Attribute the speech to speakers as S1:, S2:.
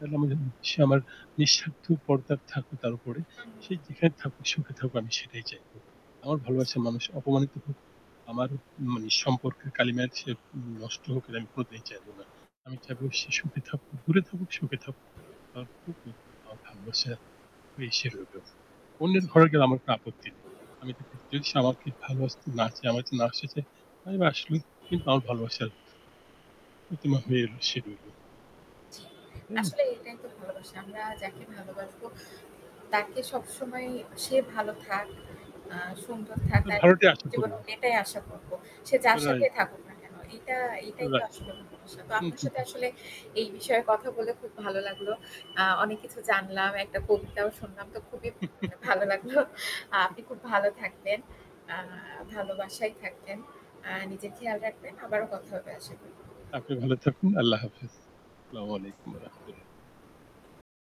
S1: [unintelligible] সে আমার নিঃস্বার্থ পর্দার থাকুক তার উপরে।
S2: আমি
S1: সে যেখানে থাকুক সুখে থাকুক আমি সেটাই চাইবো। আমার ভালোবাসার মানুষ অপমানিত হোক, আমার মানে সম্পর্কের কালিমায় সে নষ্ট হোক এটা আমি কোনোদিনই চাইবো না। আমি চাইবো সে সুখে থাকুক। দূরে থাকুক, সুখে থাকুক। আ খুব আমার ভালোবাসা এসে রইল। অন্যের
S2: জি।
S1: ঘরে গেলে আমার কোনো আপত্তি নেই। আমি তাকে যদি সে আমাকে ভালোবাসতে না চায়, আমার কাছে না আসতে চায়, আমি আসলেই কিন্তু আমার ভালোবাসার প্রতিমা হয়ে এল সে রইল।
S2: জি,
S1: তাই না?
S2: আসলে এটাই তো ভালোবাসা। আমরা যাকে ভালোবাসবো তাকে সবসময় সে ভালো থাক, আ সুন্দর থাক,
S1: হ্যাঁ
S2: তার
S1: ভালোটি আশা করব।
S2: জীবনে এটাই আশা করবো। সে যার সাথে
S1: রাইট।
S2: থাকুক না কেন এটা এটাই তো
S1: রাইট।
S2: আসলে ভালোবাসা। তো
S1: হু,
S2: আপনার
S1: হু,
S2: সাথে
S1: হু।
S2: আসলে এই বিষয়ে কথা বলে খুব ভালো লাগলো। আ অনেক কিছু জানলাম, একটা কবিতাও শুনলাম তো খুবই মানে ভালো লাগলো।
S1: হুম।
S2: আপনি খুব ভালো থাকবেন, আ ভালোবাসায় থাকবেন। আ নিজের খেয়াল রাখবেন। আবারও কথা হবে আশা করি।
S1: আপনি ভালো থাকুন। আল্লাহ হাফেজ। আসসালামু আলাইকুম ওয়া রাহমাতুল্লাহ।